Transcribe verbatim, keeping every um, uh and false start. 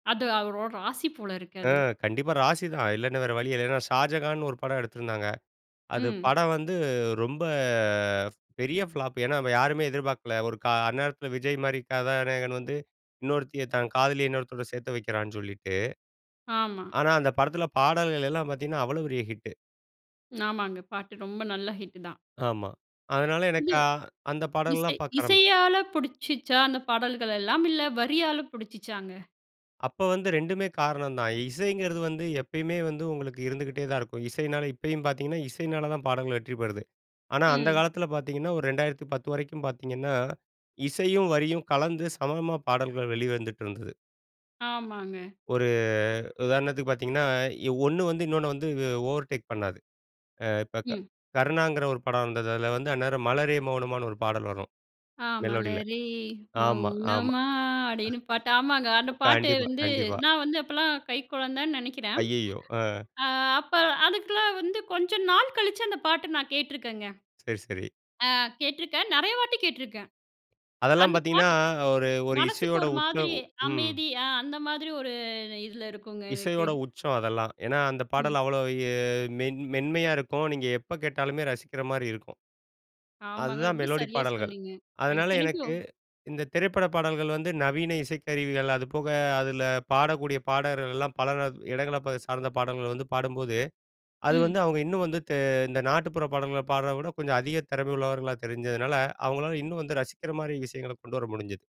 அது அவரோட ராசி போல இருக்கு. அ அது. கண்டிப்பா ராசி தான் இல்லன்னா, வேற வழி இல்ல. ஷாஜகான்னு ஒரு படம் எடுத்திருந்தாங்க. அது ம். படம் வந்து ரொம்ப பெரிய ஃபிளாப். ஏனா, யாருமே எதிர்பார்க்கல. ஒரு கா அந்நேரத்தில விஜய் மாரி கதாநாயகன் வந்து இன்னொருத்திய தன் காதலிய இன்னொருத்தவரோட சேர்த்து வைக்கிறான்னு சொல்லிட்டு. ஆமா. ஆனா, அந்த படத்தில பாடல்கள்லாம் பார்த்தீங்கன்னா, அவ்வளோ பெரிய ஹிட். ஆமாங்க. பாட்டு ரொம்ப நல்ல ஹிட் தான். ஆமா. அதனால, இது. எனக்கு அந்த படம் எல்லா இசை பார்க்க ஆரம் இசையால புடிச்சிச்சா அந்த பாடல்கள் எல்லாம் இல்ல, வரியால பிடிச்சிச்சாங்க? அப்போ வந்து ரெண்டுமே காரணம் தான். இசைங்கிறது வந்து எப்பயுமே வந்து உங்களுக்கு இருந்துகிட்டே தான் இருக்கும். இசையினால இப்பயும் பார்த்தீங்கன்னா, இசையினால தான் பாடல்கள் வெற்றி பெறுது. ஆனா, அந்த ம். காலத்தில பார்த்தீங்கன்னா, ஒரு இரண்டாயிரத்து பத்து வரைக்கும் பார்த்தீங்கன்னா இசையும் வரியும் கலந்து சமமா பாடல்கள் வெளிவந்துட்டிருந்தது. ஆமாங்க. ஒரு உதாரணத்துக்கு பாத்தீங்கன்னா, ஒண்ணு வந்து இன்னொன்னு வந்து ஓவர் டேக் பண்ணாது. ஆ இப்ப க ம். கருணாங்கிற ஒரு படம் வந்தது. அதுல வந்து அந்நேரம் "மலரே மௌனமான்னு" ஒரு பாடல் வரும். ஆ மெலோடில மலரே ஆமா, ஆமா. மௌனமா அப்படின்னு பாட்டு, ஆமாங்க. அந்த பாட்டு கண்டிப்பா, வந்து கண்டிப்பா. நான் வந்து அப்பலாம் கை கொழந்தன்னு நினைக்கிறேன். அய்யய்யோ! அ, ஆ அப்ப அதுக்கெல்லாம் வந்து கொஞ்சம் நாள் கழிச்சு அந்த பாட்ட நான் கேட்டுருக்கேங்க. சரி, சரி. ஆ கேட்டுருக்கேன் நெறைய வாட்டி கேட்டுருக்கேன். அதெல்லாம் அந்த பார்த்தீங்கன்னா பாட்டு ஒரு, ஒரு மனசுக்கு இசையோட ஒரு உச்சோ மாதிரி ம். அமைதி, அந்த மாதிரி ஒரு இதில இருக்குங்க எனக்கு. இசையோட உச்சம் அதெல்லாம். ஏன்னா, அந்த ம். பாடல் அவ்வளா ஏ மென் மென்மையா இருக்கும். இப்போ நீங்க எப்ப கேட்டாலுமே ரசிக்கிற மாரி இருக்கும். ஆமாங்க. அதுதான் ரொம்ப மெலோடி சரியா பாடல்கள். சொன்னீங்க. அது அதனால, இத்தனைக்கும் எனக்கு இந்த திரைப்பட பாடல்கள் வந்து நவீன இசைக்கருவிகள், அதுபோக அதில பாடக்கூடிய பாடகர்கள்லாம் பல இடங்கள சார்ந்த பாடல்கள் வந்து பாடும்போது, அது ம். வந்து அவங்க இன்னும் வந்து தெ இந்த நாட்டுப்புற பாடல்களை பாடுறத விட கொஞ்சம் அதிக திறமை உள்ளவர்களாக தெரிஞ்சதுனால அவங்களால் இன்னும் வந்து ரசிக்கிற மாரி விஷயங்கள கொண்டு வர முடிஞ்சது.